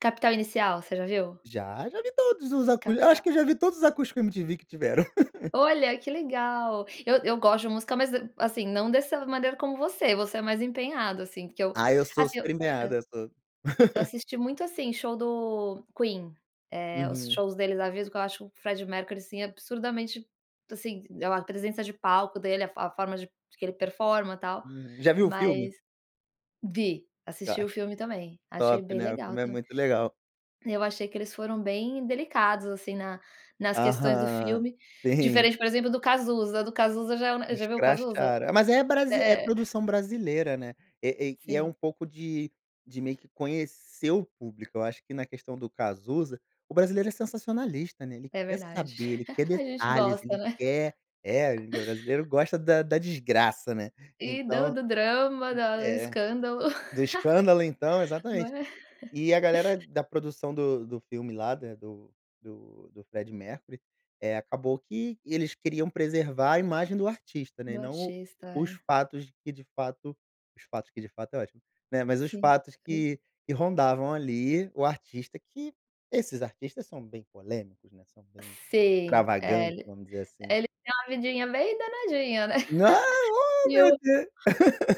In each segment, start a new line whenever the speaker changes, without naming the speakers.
Capital inicial, você já viu?
Já, já vi todos os acus acho
Capital
que eu já vi todos os acústicos MTV que tiveram.
Olha, que legal. Eu eu gosto de música, mas d assim, não dessa maneira como você, você é mais empenhado, assim, porque eu
Ai, eu sou
assim eu hã.
super empenhado, eu sou.
Eu assisti muito, assim, show do Queen, eh, os
Uhum.
shows deles ao vivo, que eu acho que o Freddie Mercury, assim, absurdamente, assim, a a presença de palco dele, a fo a forma de que ele performa tal,
Hum, já viu o filme?
mas vi, assisti
Ca
o filme também. Achei
top,
bem
né, o
legal
filme é
tam
muito legal.
Eu achei que eles foram bem delicados, assim, na nas questões do
Aham,
filme.
tem.
Diferente, por exemplo, do Cazuza. Do Cazuza já é u já viu o Cazuza?
Escracharam. Mas é brasi é
É é.
produção brasileira, né, eh eh, e é
Sim.
um pouco de de meio que conhecer o público. Eu acho que na questão do Cazuza, o brasileiro é sensacionalista, né, ele
É
quer
verdade.
saber, ele quer
A gente
detalhes,
gosta,
ele
né.
quer é, e brasileiro gosta da da desgraça, né.
E do
Então
do drama, da o
é.
escândalo.
Do escândalo então,
Ma
exatamente. E a galera da produção do do filme lá, né, do do do Freddie Mercury, eh, acabou que eles queriam preservar a imagem do artista, né, e
Do
não
artista,
os
é.
fatos que de fato os fatos que de fato é ótimo, né, mas os
Sim.
fatos que que rondavam, ali, o artista que, esses artistas são bem polêmicos, né, são bem,
Sim. É,
extravagantes,
ele
vamos dizer assim.
é, ele tem uma vidinha bem danadinha, né.
Ah, ó
E
meu
o
Deus.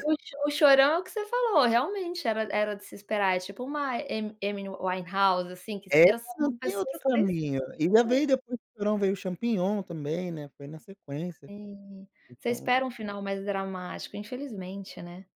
e o Cho o Chorão, é o que você falou, realmente, era era de se esperar, é tipo uma Amy Amy Winehouse, assim, que
É,
eu,
não
são
tem
pessoas
outro caminho. Ainda
[unintelligible]
veio depois veio o champignon também, né, foi na sequência.
Sim. Você
Então
espera um final mais dramático, infelizmente, né.